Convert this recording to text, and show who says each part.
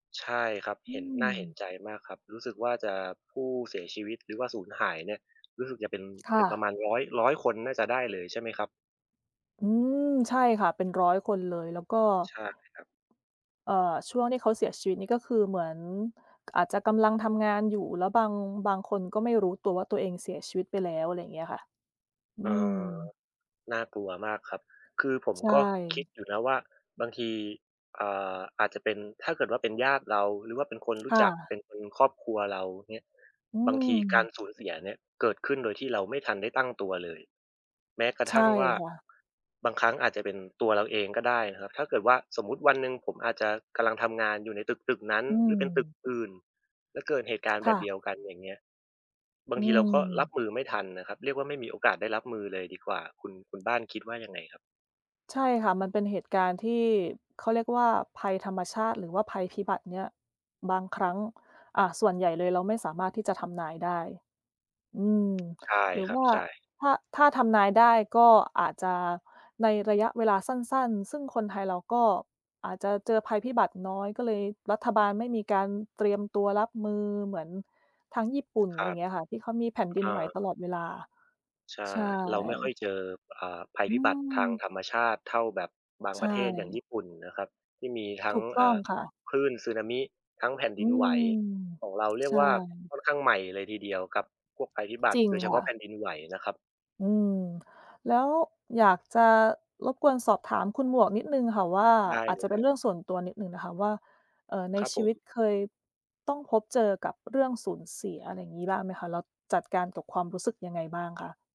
Speaker 1: ใช่ครับ
Speaker 2: อ
Speaker 1: เ
Speaker 2: ื
Speaker 1: ห็น น่าเห็น
Speaker 2: ม
Speaker 1: ใจมากครับ รู้สึกว่าจะผู้เสียชีวิต หรือว่าสูญหายเนี่ย รู้สึกจะเป็น
Speaker 2: ค
Speaker 1: เป
Speaker 2: ่
Speaker 1: ็นประม
Speaker 2: ะ
Speaker 1: าณ 100 100 คนน่าจะได้เลย ใช่ไหมครับ?
Speaker 2: อืม ใช่ค่ะ เป็น 100 คนเลย แล้วก็
Speaker 1: ใช่ครับ
Speaker 2: เอ่อ ช่วงที่เขาเสียชีวิตนี่ ก็คือเหมือนอาจจะกำลังทำงานอยู่ แล้วบาง บางคนก็ไม่รู้ตัวว่า ตัวเองเสียชีวิตไปแล้ว ไรเงี้ยค่ะ อ
Speaker 1: อ
Speaker 2: ื
Speaker 1: ๋
Speaker 2: ม
Speaker 1: อ น่ากลัวมากครับ คือผม
Speaker 2: ใช
Speaker 1: ก็คิด
Speaker 2: ่
Speaker 1: อยู่นะว่า บางที เอ่อ อาจจะเป็น ถ้าเกิดว่าเป็นญาติเราหรือว่าเป็นคนรู
Speaker 2: ค
Speaker 1: ้
Speaker 2: ่
Speaker 1: จัก เป
Speaker 2: ะ
Speaker 1: ็นครอบครัวเราเงี้ย
Speaker 2: อื
Speaker 1: บางทีการ
Speaker 2: ม
Speaker 1: สูญเสียเนี่ย เกิดขึ้นโดยที่เราไม่ทันได้ตั้งตัวเลย แม้กระ
Speaker 2: ใช
Speaker 1: ท
Speaker 2: ่
Speaker 1: ั่งว่า
Speaker 2: ค่ะ
Speaker 1: บางครั้งอาจจะเป็นตัวเราเองก็ได้นะครับ ถ้าเกิดว่าสมมุติวันหนึ่งผมอาจจะกำลังทำงานอยู่ในตึก ๆ นั้น
Speaker 2: อื
Speaker 1: หรือเป็นตึก
Speaker 2: ม
Speaker 1: อื่น แล้วเกิดเหตุการณ์แ
Speaker 2: ค
Speaker 1: บ
Speaker 2: ่
Speaker 1: บ
Speaker 2: ะ
Speaker 1: เดียวกัน อย่างเงี้ย บา
Speaker 2: อ
Speaker 1: ง
Speaker 2: ื
Speaker 1: ทีเราก็รับ
Speaker 2: ม
Speaker 1: มือไม่ทันนะครับ เรียกว่าไม่มีโอกาสได้รับมือเลยดีกว่า คุณ คุณบ้านคิดว่ายังไงครับ?
Speaker 2: ใช่ค่ะ มันเป็นเหตุการณ์ที่เขาเรียกว่า ภัยธรรมชาติ หรือว่าภัยพิบัติเนี่ย บางครั้ง อ่า ส่วนใหญ่เลยเราไม่สามารถที่จะทำนายได้ อืม
Speaker 1: ใช่
Speaker 2: หรือ
Speaker 1: ครั
Speaker 2: ว
Speaker 1: บ
Speaker 2: ่า
Speaker 1: ใช่
Speaker 2: ถ้า ถ้าทำนายได้ก็อาจจะในระยะเวลาสั้น ๆ ซึ่งคนไทยเราก็ อาจจะเจอภัยพิบัติน้อยก็เลย รัฐบาลไม่มีการเตรียมตัวรับมือเหมือนทางญี่ปุ่น
Speaker 1: คร
Speaker 2: ไร
Speaker 1: ับ
Speaker 2: เงี้ยค่ะ ที่เขามีแผ่นด
Speaker 1: เอ
Speaker 2: ินไหวต
Speaker 1: อ
Speaker 2: ลอดเวลา
Speaker 1: ใช่
Speaker 2: ใช
Speaker 1: เราไม่ค่อย
Speaker 2: ่
Speaker 1: เจอ เอ่อ ภัย
Speaker 2: อื
Speaker 1: พิบัติทาง
Speaker 2: ม
Speaker 1: ธรรมชาติเท่าแบบบาง
Speaker 2: ใช
Speaker 1: ประเทศอย่างญี
Speaker 2: ่
Speaker 1: ่ปุ่นนะครับ ที่มีทั
Speaker 2: ถ
Speaker 1: ้ง
Speaker 2: ูกต
Speaker 1: อ
Speaker 2: ้
Speaker 1: ่
Speaker 2: อง
Speaker 1: า
Speaker 2: ค่ะ
Speaker 1: คลื่นสึนามิ ทั้งแผ่น
Speaker 2: อ
Speaker 1: ด
Speaker 2: ื
Speaker 1: ินไหว
Speaker 2: ม
Speaker 1: ของเราเรีย
Speaker 2: ใช
Speaker 1: กว่าค
Speaker 2: ่
Speaker 1: ่อนข้างใหม่เลยทีเดียวครับ พวกภัยพิบัต
Speaker 2: จ
Speaker 1: ิ
Speaker 2: ริง
Speaker 1: โดยเฉ
Speaker 2: ค
Speaker 1: พา
Speaker 2: ่
Speaker 1: ะ
Speaker 2: ะ
Speaker 1: แผ่นดินไหวนะครับ
Speaker 2: อืม แล้วอยากจะรบกวนสอบถามคุณหมวกนิดหนึ่งค่ะว่า
Speaker 1: ได้
Speaker 2: อา
Speaker 1: เล
Speaker 2: จจ
Speaker 1: ย
Speaker 2: ะเ
Speaker 1: ค
Speaker 2: ป็
Speaker 1: ร
Speaker 2: น
Speaker 1: ับ
Speaker 2: เรื่องส่วนตัวนิดหนึ่งนะคะว่า เอ่อ ใน
Speaker 1: ครับ
Speaker 2: ช
Speaker 1: ผ
Speaker 2: ีวิต
Speaker 1: ม
Speaker 2: เคยต้องพบเจอกับเรื่องสูญเสีย อะไรอย่างงี้บ้างไหมคะ? แล้วจัดการกับความรู้สึกยังไงบ้างคะ?